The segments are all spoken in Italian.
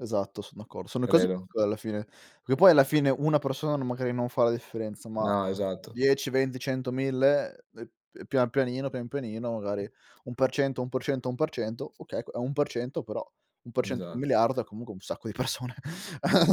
Esatto, son d'accordo. Sono cose Credo. piccole alla fine. Che poi alla fine una persona non magari non fa la differenza, ma No, esatto. 10, 20, 100, 1000, ehm, ehm, pian pianino, pian pianino, magari 1%, 1%, 1%, oka è 1% però 1% di 1 Esatto. miliardo è comunque un sacco di persone.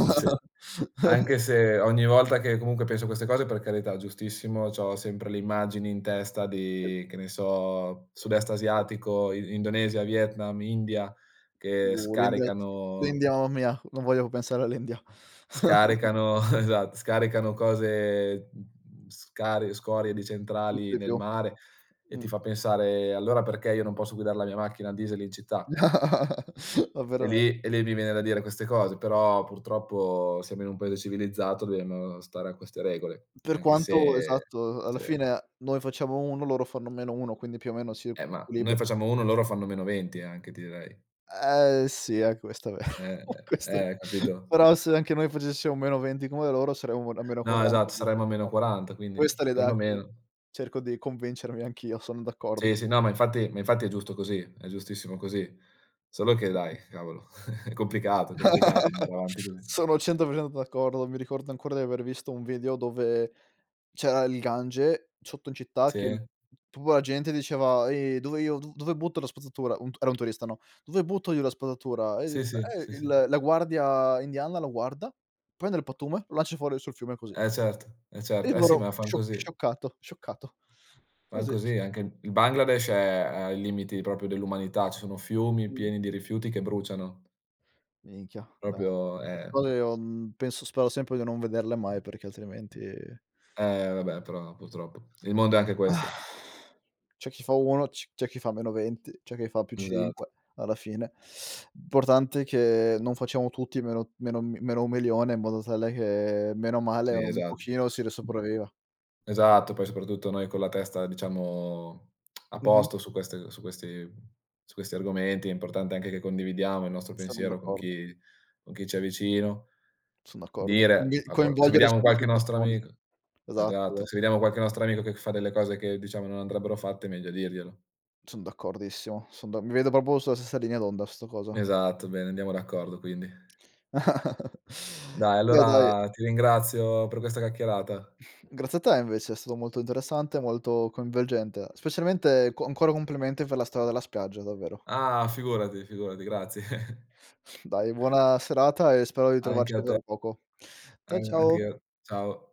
Sì. Anche se ogni volta che comunque penso a queste cose, per carità, giustissimo, c'ho sempre le immagini in testa [unintelligible] di, che ne so, sud-est Sì. asiatico, I Indonesia, Vietnam, India, che Boh l'India [unintelligible] scaricano l'India, mamma mia, non voglio pensare all'India. scaricano esatto, scaricano cose, mhmm, scarie scorie di E tutti centrali di nel più. mare e Mh. ti fa pensare: "Allora perché io non posso guidar la mia macchina a diesel in città?" Ma E veramente. lì e lì mi viene da dire queste cose, però purtroppo siamo in un paese civilizzato, dobbiamo stare a queste regole, Per anche quanto se esatto, a alla sì. fine noi facciamo 1, loro fanno -1, quindi più o meno si Eh, ma noi equilibrano. facciamo 1, loro fanno -20 anche, ti direi. Eh, sì, è questo vero, Eh, questo eh, eh, capito? però se anche noi facessimo -20 come loro, saremmo n a meno No, quaranta, che esatto, dici, saremmo a meno no, quaranta, quindi, questa è ehm, l'idea che perlomeno. cerco di convincermi anch'io, son d'accordo. Sì, sì, no, ma infatti ma infatti è giusto così, è giustissimo così. Solo che dai, cavolo, è complicato, è complicato andare avanti così. Sono 100% d'accordo. Mi ricordo ancora di aver visto un video dove c'era il Gange sotto in città che Sì. pua la gente diceva: "Ehi, dove io do dove butto la spazzatura?" Un t era un turista, no, "Dove butto io la spazzatura?", e i Sì, sì. e Sì, sì. il la guardia indiana lo guarda, prende il pattume, lo lancia fuori sul fiume così. Eh certo, eh E certo. Eh sì, loro ma fan scioc così. scioccato, scioccato. Fan Così. così, anche il Bangladesh, è è ai limiti proprio, dell'umanità, ci sono fiumi Mh. pieni di rifiuti che bruciano. Minchia, no, Proprio, queste ehm cose io, mhmm, penso spero sempre di non vederle mai, perché altrimenti Eh, vabbè, però purtroppo il mondo è anche questo. C'è chi fa 1, c c'è chi fa -20, c'è chi fa più Esatt cinque, alla fine. Importante è che non facciamo tutti meno, meno m -1 milione in modo tale bene o male Sì, un esatto. pochino si ri sopravviva. Esatto, poi soprattutto noi con la testa, diciamo, a Mh-mh. posto su queste, su questi su questi argomenti, è importante anche che condividiamo il nostro Sono pensiero con d'accordo. chi con chi ci è vicino, Son d'accordo. dire, Quindi a qual se coinvolgere vediamo sempre più qualche nostro persone. amic Esatto, esatto, esatto. se vediamo qualche nostro amico che fa delle cose che diciamo non andrebbero fatte, è meglio dirglielo. Son d'accordissimo, son d mi vedo proprio sulla stessa linea d'onda su 'sta cosa. Esatto, bene. Andiamo d'accordo, quindi. Dai, Beh, dai allora ti ringrazio per questa chiacchierata. Grazie a te invece, è stato molto interessante, molto coinvolgente, specialmente co ancora complimenti per la storia della spiaggia, davvero. Ah, figurati, figurati, grazie. Dai, buona serata e spero di Anche trovarci a te. tra poco. A Cia ciao! anch'io. Ciao.